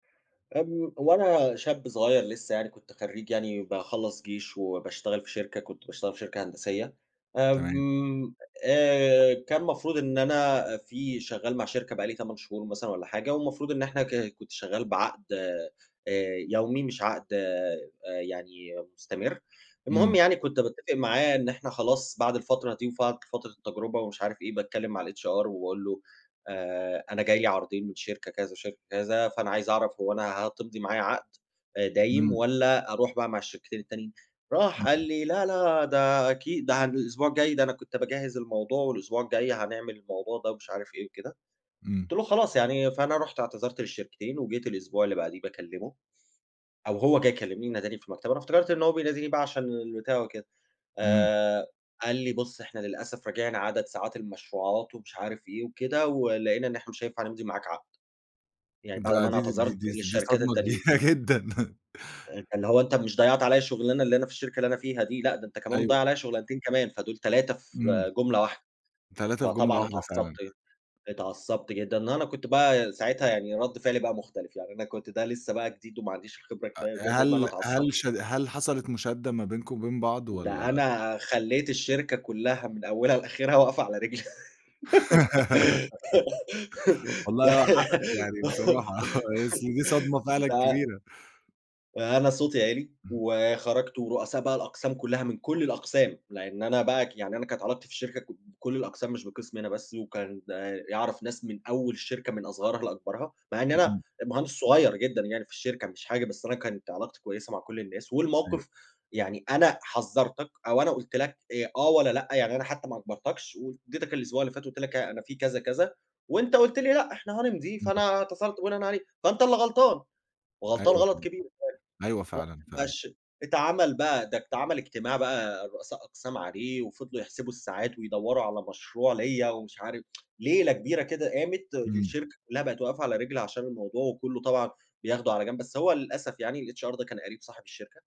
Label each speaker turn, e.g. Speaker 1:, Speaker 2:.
Speaker 1: آمم، وأنا شاب صغيّر لسّه يعني كنت خرّيج يعني باخلّص جيش وباشتغل في شركة، كنت باشتغل في شركة هندسية،
Speaker 2: تمام.
Speaker 1: آمم، آآ، كان مفروض إن أنا في شغّال مع شركة بقى لي 8 شهور مثلًا والّا حاجة، والمفروض إن إحنا ك كنت شغّال بعَقد آآ، يومي مش عَقد آآ، يعني مستمر. المهم
Speaker 2: إمم.
Speaker 1: يعني كنت باتفق معاه إن إحنا خلاص بَعد الفترة دي وفقع فترة التجربة ومش عارف إيه باتكلّم مع الHR وباقول له: "آآ، أنا جه لي عرضين من شركة كذا وشركة كذا فأنا عايز أعرَف هو أنا هتمضي معايا عَقد آآ، دايم
Speaker 2: إمم.
Speaker 1: والّا أروح بقى مع الشركتين التانيين؟"
Speaker 2: إمم
Speaker 1: راح قال
Speaker 2: إمم.
Speaker 1: لي: "لا، لا ده أكيد، ده علي الأسبوع الجاي، ده أنا كنت باجهّز الموضوع والأسبوع الجاي هنعمل الموضوع ده." ومش عارف إيه وكده.
Speaker 2: إمم.
Speaker 1: قُلت له: "خلاص يعني." فأنا رُحت اعتذرت للشركتين وجيت الأسبوع اللي بَعديه باكلّمه أو هو جه يكلّمني ناداني في المكتب، أنا افتكرت إن هو بيناديني بقى عشان البتاع وكده
Speaker 2: إمم.
Speaker 1: آآ، قال لي: "بُصّ، إحنا للأسف راجِعنا عدد ساعات المشروعات" ومش عارف إيه وكده "ولقينا إن إحنا مش هينفع نمضي معاك عَقد."، يعني بَعد
Speaker 2: ده
Speaker 1: أمّا أنا
Speaker 2: دي دي دي
Speaker 1: اعتذرت
Speaker 2: دي ص دي
Speaker 1: للشركات
Speaker 2: صدمة
Speaker 1: التانيين.
Speaker 2: كبيرة جدًا.
Speaker 1: آآ، أنت اللي هو أنت مش ضيّعت عليَّ شُغلانة اللي أنا في الشركة اللي أنا فيها دي، لأ، ده أنت كمان
Speaker 2: أيوه.
Speaker 1: بتضيّع عليَّ شغلانتين كمان، فدول 3
Speaker 2: إمم.
Speaker 1: في جملة واحدة.
Speaker 2: 3 في جملة
Speaker 1: فطبعًا
Speaker 2: واحدة
Speaker 1: اتعصّبت
Speaker 2: فعلًا.
Speaker 1: اتعصّبت جدًا وأنا كنت بقى ساعتها يعني رَد فعلي بقى مختلف، يعني أنا كنت ده لسّه بقى جديد وما عَنديش الخبرة
Speaker 2: أ
Speaker 1: كفاية
Speaker 2: أ
Speaker 1: وكده، المهم أنا
Speaker 2: هل
Speaker 1: اتعصبت.
Speaker 2: هل ش هل حصَلت مُشادّة ما بينكم وبين بعض والّا
Speaker 1: ده أنا خلّيت الشركة كلّها من أوّلها لآخرها واقفة على رجل،
Speaker 2: والله
Speaker 1: ده
Speaker 2: آه، حقك يعني بصراحة، أصل دي صدمة فعلًا
Speaker 1: ده
Speaker 2: كبيرة.
Speaker 1: آآ، أنا صوتي عِلي
Speaker 2: اهم.
Speaker 1: وخرَجت ورؤساء بقى الأقسام كلّها من كل الأقسام لأن أنا بقى ك يعني أنا كانت علاقتي في الشركة ك بكُلّ الأقسام مش بقِسمي أنا بس، وكان ده يعرَف ناس من أول الشركة من أصغرها لأكبرها، مع إن
Speaker 2: إ
Speaker 1: أنا
Speaker 2: إمم.
Speaker 1: مهندس صغير جدًا يعني في الشركة، مش حاجة، بس أنا كانت علاقتي كويّسة مع كُلّ الناس.
Speaker 2: أيوه.
Speaker 1: والمَوقِف يعني أنا حذّرتك أو أنا قُلت لك آآ، آه والّا لأ يعني أنا حتّى ما اجبَرتكش وادّيتك الأسبوع اللي فات قُلت لك ها أنا في كذا كذا وأنت قُلت لي: "لأ إحنا هنمضي"،
Speaker 2: اهم.
Speaker 1: فأنا اتصلت بناءً عليه، فأنت اللي غلطان وغلطان
Speaker 2: أيوه
Speaker 1: غلط
Speaker 2: فعلًا،
Speaker 1: كبير. [unintelligible]
Speaker 2: أيوه فعلًا
Speaker 1: فرُحت بقى
Speaker 2: فعلًا.
Speaker 1: الش اتعمل بقى ده اتعمل اجتماع بقى الرؤساء أقسام عليه وفضَلوا يحسِبوا الساعات ويدوّروا على مشروع ليَّ ومش عارف ليلة كبيرة كده قامت،
Speaker 2: إمم.
Speaker 1: الشركة كلّها بقت واقفة على رجل عشان الموضوع وكلّه طلَع بياخده على جَنب، بس هو للأسف يعني الHR ده كان قَريب صاحب الشركة.